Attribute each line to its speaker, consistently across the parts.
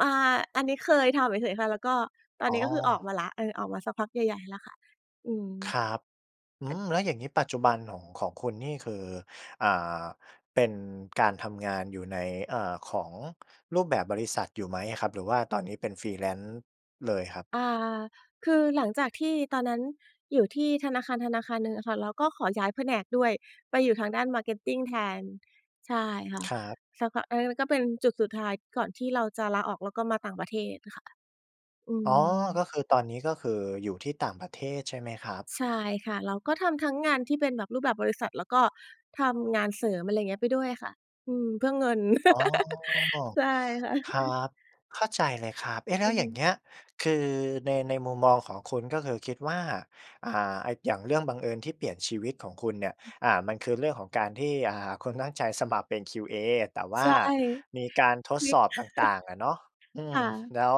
Speaker 1: อ่า อันนี้เคยทำเฉย ๆ ค่ะ แล้วก็ ตอน
Speaker 2: อ๋
Speaker 1: นี้ก็คือออก
Speaker 2: อ
Speaker 1: มาแล้ว เออ ออกมาสักพักใหญ่ ๆ แล้วค่ะ อืม
Speaker 2: ครับ อื
Speaker 1: อัด
Speaker 2: ม แล้วอย่างงี้ ปัจจุบันของ ของคุณนี่คือ อ่า เป็นการทำงานอยู่ใน อ่า ของรูปแบบบริษัทอยู่ไหมอะครับ? หรือว่าตอนนี้เป็น Freelance เลยครับ?
Speaker 1: อ่า คือหลังจากที่ตอนนั้นอยู่ที่ธนาคารธนาคารหนึ่งอะค่ะ เราก็ขอย้ายแผนกด้วย ไปอยู่ทางด้าน Marketing แทน ใช่ค่ะ
Speaker 2: ครับ
Speaker 1: สักพัก เออ แล้วก็เป็นจุดสุดท้าย ก่อนที่เราจะลาออก แล้วก็มาต่างประเทศน่ะค่ะ อื
Speaker 2: อ๋อ ก็
Speaker 1: ม
Speaker 2: คือตอนนี้ก็คืออยู่ที่ต่างประเทศใช่ไหมครับ?
Speaker 1: ใช่ค่ะ เราก็ทำทั้งงานที่เป็นแบบรูปแบบบริษัท แล้วก็ทำงานเสริม อะไรเงี้ย ไปด้วยค่ะ อืม เพื่อเงิน
Speaker 2: อ๋อ
Speaker 1: ใช่ค่ะ
Speaker 2: ครับ เข้าใจเลยครับ เอ๊ะ แล
Speaker 1: อ
Speaker 2: ้
Speaker 1: ื
Speaker 2: ว
Speaker 1: อ
Speaker 2: อย
Speaker 1: ฮ
Speaker 2: ่
Speaker 1: ึ
Speaker 2: างเงี้ย คือใน ในมุมมองของคุณก็คือคิดว่า อ่า อะ อย่างเรื่องบังเอิญที่เปลี่ยนชีวิตของคุณเนี่ย
Speaker 1: [unintelligible]
Speaker 2: อ่า มันคือเรื่องของการที่ อา คุณตั้งใจสมัครเป็น QA แต่ว
Speaker 1: ใ
Speaker 2: ่
Speaker 1: ช
Speaker 2: า
Speaker 1: ่
Speaker 2: มีการท
Speaker 1: ค
Speaker 2: ด
Speaker 1: ลิ
Speaker 2: ส
Speaker 1: ก
Speaker 2: อบต่าง ๆ อะเนาะ อื
Speaker 1: ค
Speaker 2: ม
Speaker 1: ่ะ
Speaker 2: แล้ว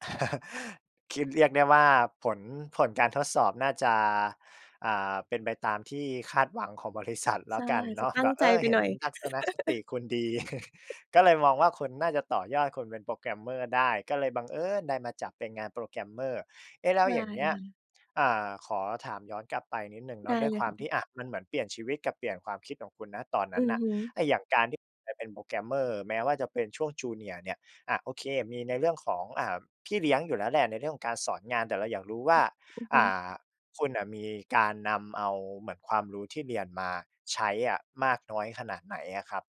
Speaker 2: คิดเรียกได้ว่า ผล ผลการทดสอบน่าจะ อ่า เป็นไปตามที่คาดหวังของบริษัทแล
Speaker 1: ใช
Speaker 2: ้
Speaker 1: ่
Speaker 2: วกันเ
Speaker 1: จ
Speaker 2: น
Speaker 1: ะ
Speaker 2: าะ
Speaker 1: ตั
Speaker 2: แ
Speaker 1: ้
Speaker 2: บ
Speaker 1: ง
Speaker 2: บ
Speaker 1: ใ
Speaker 2: เอ
Speaker 1: จ
Speaker 2: อ
Speaker 1: ไป
Speaker 2: เห็
Speaker 1: หน
Speaker 2: น
Speaker 1: ่อย
Speaker 2: ทัศนคติคุณดี ก็เลยมองว่า คุณน่าจะต่อยอดคุณเป็น Programmer ได้ ก็เลยบังเอิญได้มาจับเป็นงาน Programmer เอ๊ะ แล้
Speaker 1: ใช
Speaker 2: ว
Speaker 1: ่
Speaker 2: อย่างเงี้ย
Speaker 1: ค่ะ
Speaker 2: อ่า ขอถามย้อนกลับไปนิดหนึ่งเน
Speaker 1: ได
Speaker 2: า
Speaker 1: ้
Speaker 2: ะ ด้วย
Speaker 1: เล
Speaker 2: ค
Speaker 1: ย
Speaker 2: วา
Speaker 1: ค
Speaker 2: ม
Speaker 1: ่ะ
Speaker 2: ที่ อะ มันเหมือนเปลี่ยนชีวิตกับเปลี่ยนความคิดของคุณ ณ ตอนน
Speaker 1: อ
Speaker 2: ั
Speaker 1: ื
Speaker 2: ้น
Speaker 1: อ
Speaker 2: น่ะ
Speaker 1: ฮึ
Speaker 2: ไอ้อย่างการที่ไปเป็น Programmer แม้ว่าจะเป็นช่วง Junior เนี่ย อะ โอเค มีในเรื่องของ อ่า พี่เลี้ยงอยู่แล้วแหละ ในเรื่องของการสอนงาน แต่เราอยากรู้ว
Speaker 1: ฮ
Speaker 2: ่
Speaker 1: ึ
Speaker 2: า
Speaker 1: อือฮ
Speaker 2: อ
Speaker 1: ึ
Speaker 2: ่า คุณน่ะมีการนำเอา เหมือนความรู้ที่เรียนมาใช้อะมากน้อยขนาดไหนอะครับ?